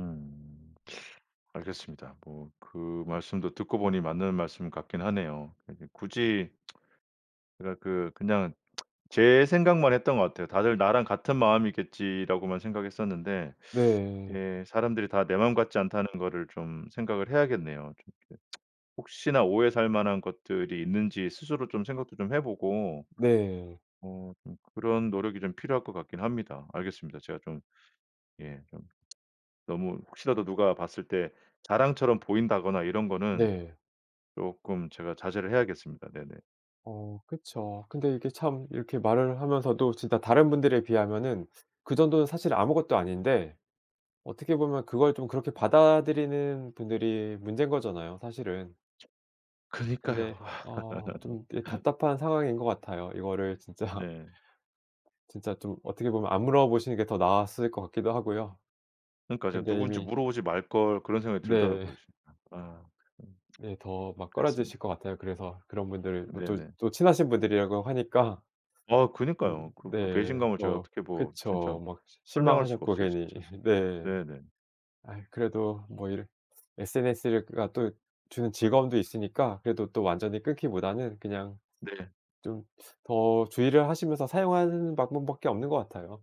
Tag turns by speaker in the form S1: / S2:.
S1: 음. 알겠습니다. 뭐 그 말씀도 듣고 보니 맞는 말씀 같긴 하네요. 이렇게 굳이 뭐랄 그 그냥 제 생각만 했던 것 같아요. '다들 나랑 같은 마음이겠지.'라고만 생각했었는데
S2: 네.
S1: 예 '사람들이 다 내 마음 같지 않다.'는 거를 좀 생각을 해야겠네요. 좀 이렇게 혹시나 오해 살 만한 것들이 있는지 스스로 좀 생각도 좀 해 보고
S2: 네.
S1: 어 좀 그런 노력이 좀 필요할 것 같긴 합니다. 알겠습니다. 제가 좀 예 좀 너무 혹시라도 누가 봤을 때 자랑처럼 보인다거나 이런 거는
S2: 네.
S1: 쪼끔 제가 자제를 해야겠습니다. 네네.
S2: 어 그쵸. 근데 이게 참 이렇게 말을 하면서도 진짜 다른 분들에 비하면은 그 정도는 사실 아무것도 아닌데 어떻게 보면 그걸 좀 그렇게 받아들이는 분들이 문제인 거잖아요 사실은.
S1: 그니까요.
S2: 근데 어 좀 네 답답한 상황인 것 같아요. 이거를 진짜
S1: 네.
S2: 진짜 좀 어떻게 보면 안 물어보시는 게 더 나았을 것 같기도 하고요.
S1: 그니까 제가
S2: 근데
S1: '누군지
S2: 이미
S1: 물어보지 말 걸.' 그런 생각이
S2: 네.
S1: 들더라고요 진짜. 아 음.
S2: 네 더 막
S1: 그랬습니다.
S2: 꺼려지실 것 같아요. 그래서 그런 분들 뭐 또
S1: 네네.
S2: 또 친하신 분들이라고 하니까.
S1: 아
S2: 그냥
S1: 그니까요. 그 그
S2: 네
S1: 배신감을 제가
S2: 뭐
S1: 어떻게 뭐 진짜
S2: 그쵸. 막 시
S1: 설명할 수가
S2: 실망하셨고
S1: 없어요
S2: 괜히
S1: 진짜.
S2: 흐 네.
S1: 네네.
S2: 아이 그래도 뭐 이렇 SNS가 또 주는 즐거움도 있으니까 그래도 또 완전히 끊기보다는 그냥
S1: 네.
S2: 좀 더 주의를 하시면서 사용하는 방법밖에 없는 것 같아요.